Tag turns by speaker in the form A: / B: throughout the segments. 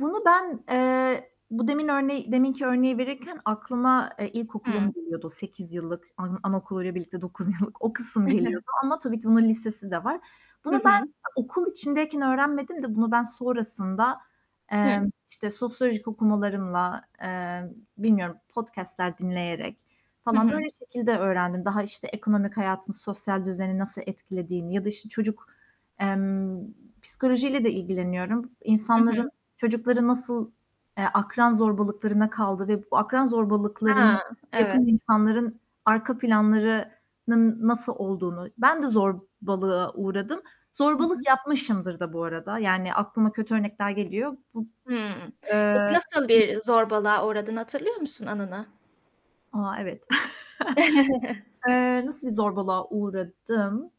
A: Bunu ben, eee, bu demin örneği deminki örneği verirken aklıma e, ilkokulum
B: Hıı.
A: geliyordu 8 yıllık, an anaokuluyla birlikte 9 yıllık. O kısım geliyordu ama tabii ki bunun lisesi de var. Bunu
B: Hı hı.
A: ben okul içindeyken öğrenmedim de bunu ben sonrasında,
B: Hı.
A: emm, işte, sosyolojik okumalarımla, eee, bilmiyorum, podcast'ler dinleyerek
B: Hı
A: falan böyle
B: hı.
A: şekilde öğrendim. Daha, işte, ekonomik hayatın sosyal düzeni nasıl etkilediğini ya da, işte, çocuk, emm, psikolojiyle de ilgileniyorum.
B: Hı
A: İnsanların
B: hı.
A: çocukları nasıl, eee, akran zorbalıklarına kaldı ve bu akran zorbalıklarını
B: Ha, evet!
A: yapan insanların arka planlarının nasıl olduğunu. Ben de zorbalığa uğradım,
B: Hı
A: zorbalık
B: hı.
A: yapmışımdır da bu arada. Yani aklıma kötü örnekler geliyor. Bub
B: Hıı. Peki
A: Eee,
B: nasıl
A: hı
B: bir zorbalığa uğradığını hatırlıyor musun, anını?
A: A, evet! Eee, nasıl bir zorbalığa uğradım?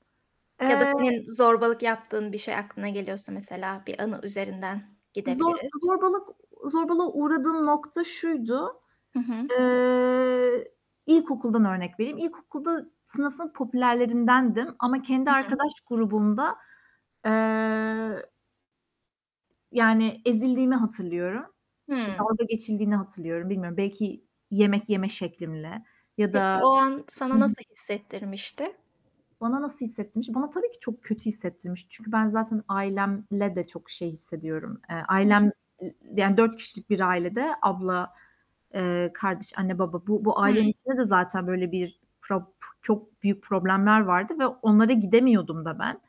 B: Ya da
A: Eee
B: senin zorbalık yaptığın bir şey aklına geliyorsa mesela bir anı üzerinden
A: Zor
B: gidebiliriz.
A: zorbalık zorbalığa uğradığım nokta şuydu.
B: Hı hı.
A: Eee, ilkokuldan örnek vereyim. İlkokulda sınıfın popülerlerindendim ama kendi
B: Hı hı.
A: arkadaş grubumda, eee yani, ezildiğimi hatırlıyorum. İşte,
B: Hıı.
A: dalga geçildiğini hatırlıyorum. Bilmiyorum, belki yemek yeme şeklimle ya
B: Peki, o
A: da
B: an
A: Hı
B: sana
A: hı.
B: nasıl hissettirmişti?
A: Bana nasıl hissettirmiş? Bana tabii ki çok kötü hissettirmiş. Çünkü ben zaten ailemle de çok şey hissediyorum. Eee,
B: Hı hı.
A: ailem, i yani, 4 kişilik bir ailede abla, eee, kardeş, anne, baba, bu bu
B: Hıı.
A: ailenin içinde de zaten, böyle, bir prap çok büyük problemler vardı ve onlara gidemiyordum da ben.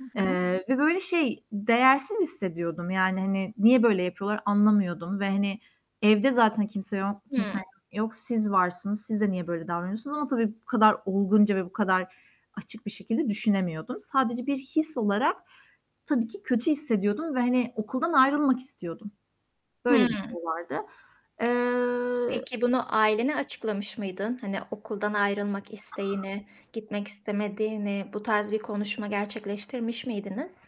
B: Hı hı.
A: Eee, ve böyle, şey, değersiz hissediyordum. Yani, hani, niye böyle yapıyorlar anlamıyordum ve hani, evde zaten kimse yo kimsem
B: Hıı.
A: yok. Siz varsınız, siz de niye böyle davranıyorsunuz ama tabii bu kadar olgunca ve bu kadar açık bir şekilde düşünemiyordum. Sadece bir his olarak, tabii ki kötü hissediyordum ve hani, okuldan ayrılmak istiyordum. Böyle bir
B: Hıı.
A: şey vardı. Eee
B: Peki, bunu ailene açıklamış mıydın? Hani, okuldan ayrılmak isteğini, gitmek istemediğini, bu tarz bir konuşma gerçekleştirmiş miydiniz?